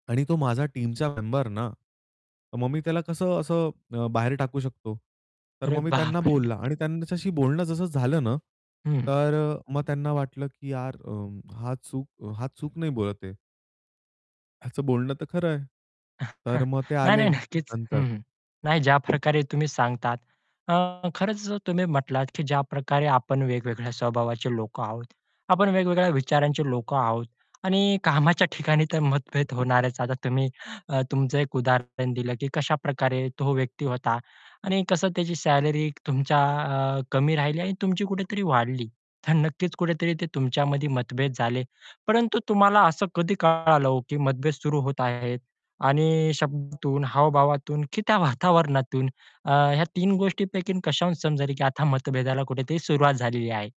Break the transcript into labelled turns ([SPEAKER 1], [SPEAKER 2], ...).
[SPEAKER 1] आणि तो माझा टीमचा मेंबर ना. मग मी त्याला कसं असं अ, बाहेर टाकू शकतो. तर
[SPEAKER 2] अरे,
[SPEAKER 1] मग मी त्यांना
[SPEAKER 2] बाप रे!
[SPEAKER 1] बोलला आणि त्यांच्याशी बोलणं जसं झालं ना,
[SPEAKER 2] हं.
[SPEAKER 1] तर अ, मग त्यांना वाटलं, की यार अ, हा चूक हा चूक नाही बोलत आहे. याचं बोलणं तर खरं आहे. तर मग ते
[SPEAKER 2] नाही,
[SPEAKER 1] आले,
[SPEAKER 2] नाही. नक्कीच.
[SPEAKER 1] नंतर.
[SPEAKER 2] हं, हं. नाही ज्या प्रकारे तुम्ही सांगतात. अ, खरंच तुम्ही म्हटलात, की ज्या प्रकारे आपण वेगवेगळ्या स्वभावाचे लोकं आहोत, आपण वेगवेगळ्या विचारांचे लोकं आहोत आणि कामाच्या ठिकाणी तर मतभेद होणारच. आता तुम्ही अ, तुमचं एक उदाहरण दिलं, की कशाप्रकारे तो व्यक्ती होता आणि कसं त्याची सॅलरी, तुमच्या अ, कमी राहिली आणि तुमची कुठेतरी वाढली. तर नक्कीच कुठेतरी ते तुमच्यामध्ये मतभेद झाले, परंतु तुम्हाला असं कधी कळालं हो, की मतभेद सुरू होत आहेत आणि शब्दातून, हाव-भावातून की त्या वातावरणातून अ, ह्या 3 गोष्टींपैकी कशाहून समजेल, की आता मतभेदाला कुठेतरी सुरुवात झालेली आहे.